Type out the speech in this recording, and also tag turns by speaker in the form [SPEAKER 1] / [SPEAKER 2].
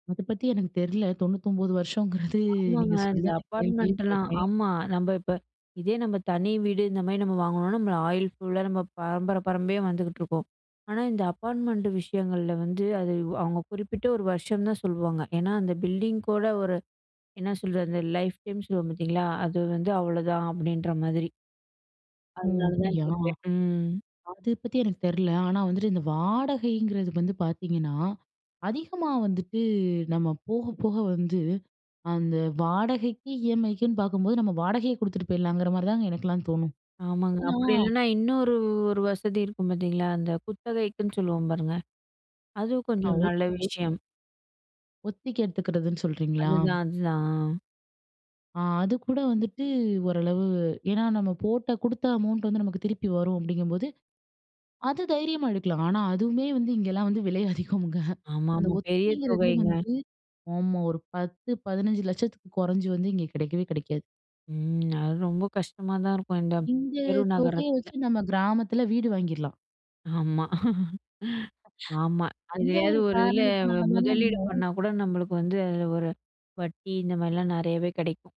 [SPEAKER 1] அதுபத்தி எனக்கு தெர்ல. 99 வருஷங்கறது
[SPEAKER 2] ஆமாங்க.
[SPEAKER 1] நீங்க சொல்லி
[SPEAKER 2] இந்த
[SPEAKER 1] தான் நான் கேள்வியே
[SPEAKER 2] அப்பார்ட்மெண்ட்லாம்
[SPEAKER 1] பட்றேன்.
[SPEAKER 2] ஆமா. நம்ம இப்ப, இதே நம்ம தனி வீடு இந்த மாரி நம்ம வாங்குனோன்னா, நம்ம ஆயில் ஃபுல்லா நம்ம பரம்பர பரம்பரயா வந்துகிட்டுருக்கோம். ஆனா, இந்த அப்பார்ட்மெண்ட்டு விஷயங்கள்ல வந்து, அது அது அவங்க குறிப்பிட்ட ஒரு வருஷம் தான் சொல்லுவாங்க. ஏனா, அந்த பில்டிங் கூட ஒரு என்ன சொல்றது? லைஃப் டைம் சொல்லுவோம் பார்த்தீங்களா! அது வந்து அவ்ளதான், அப்படின்ற மாதிரி.
[SPEAKER 1] ஓ!
[SPEAKER 2] அதனால தான்
[SPEAKER 1] அப்படியா!
[SPEAKER 2] கேட்கேன். ம்.
[SPEAKER 1] அது பத்தி எனக்கு தெர்ல. ஆனா வந்துட்டு, இந்த வாடகைங்கிறது வந்து பார்த்தீங்கன்னா, அதிகமா வந்துட்டு நம்ம போக, போக வந்து, அந்த வாடகைக்கு இஎம்ஐக்குன்னு பாக்கும்போது, நம்ம வாடகையை கொடுத்துட்டு போயிடலாங்கிற மாதிரி தாங்க எனக்கெல்லாம் தோணும்.
[SPEAKER 2] ஆமாங்க.
[SPEAKER 1] ஏன்னா
[SPEAKER 2] அப்டி இல்லன்னா, இன்னொரு ஒரு வசதி இருக்கும் பாத்தீங்களா! அந்த குத்தகைக்குனு சொல்லுவோம் பாருங்க, அதுவும்
[SPEAKER 1] ஆ!
[SPEAKER 2] கொஞ்சம்
[SPEAKER 1] ஒத்
[SPEAKER 2] நல்ல
[SPEAKER 1] ஒத்தி
[SPEAKER 2] விஷயம்.
[SPEAKER 1] ஒத்திக்கு எடுத்துக்கிறதுன்னு சொல்றீங்களா?
[SPEAKER 2] அதுதான், அதுதான். அ.
[SPEAKER 1] ஆ, அதுக்கூட வந்துட்டு, ஒரளவு ஏனா நம்ம போட்ட குடுத்த அமௌண்ட் வந்து நமக்கு திருப்பி வரும் அப்படிங்கம்போது அது தைரியமா எடுக்கலாம். ஆனா, அதுவுமே வந்து இங்கலாம் வந்து விலை அதிகம்ங்க.
[SPEAKER 2] ஆமா,
[SPEAKER 1] அந்த
[SPEAKER 2] ஆமா. பெரிய
[SPEAKER 1] ஒத்திங்கிறதே
[SPEAKER 2] தொகைங்க.
[SPEAKER 1] வந்து ஆமா, ஒரு 10 15 லட்சத்துக்கு குறைஞ்சு வந்து இங்க கிடைக்கவே கிடைக்காது.
[SPEAKER 2] ம். அது ரொம்ப கஷ்டமா தான் இருக்கும், இந்த
[SPEAKER 1] இந்த
[SPEAKER 2] பெரு
[SPEAKER 1] தொகையை
[SPEAKER 2] நகரத்துல.
[SPEAKER 1] வச்சு, நம்ம கிராமத்தில வீடு வாங்கிறலாம்.
[SPEAKER 2] ஆமா. ஆமா!
[SPEAKER 1] அந்த
[SPEAKER 2] எதுலையாது
[SPEAKER 1] ஒரு
[SPEAKER 2] ஒரு இதில வ்
[SPEAKER 1] காரணத்தினால தானே
[SPEAKER 2] முதலீடு
[SPEAKER 1] நம்ம
[SPEAKER 2] பண்ணாக்கூட, நம்மளுக்கு வந்து ஒரு வட்டி இந்த மாரிலாம் நிறையவே கிடைக்கும்.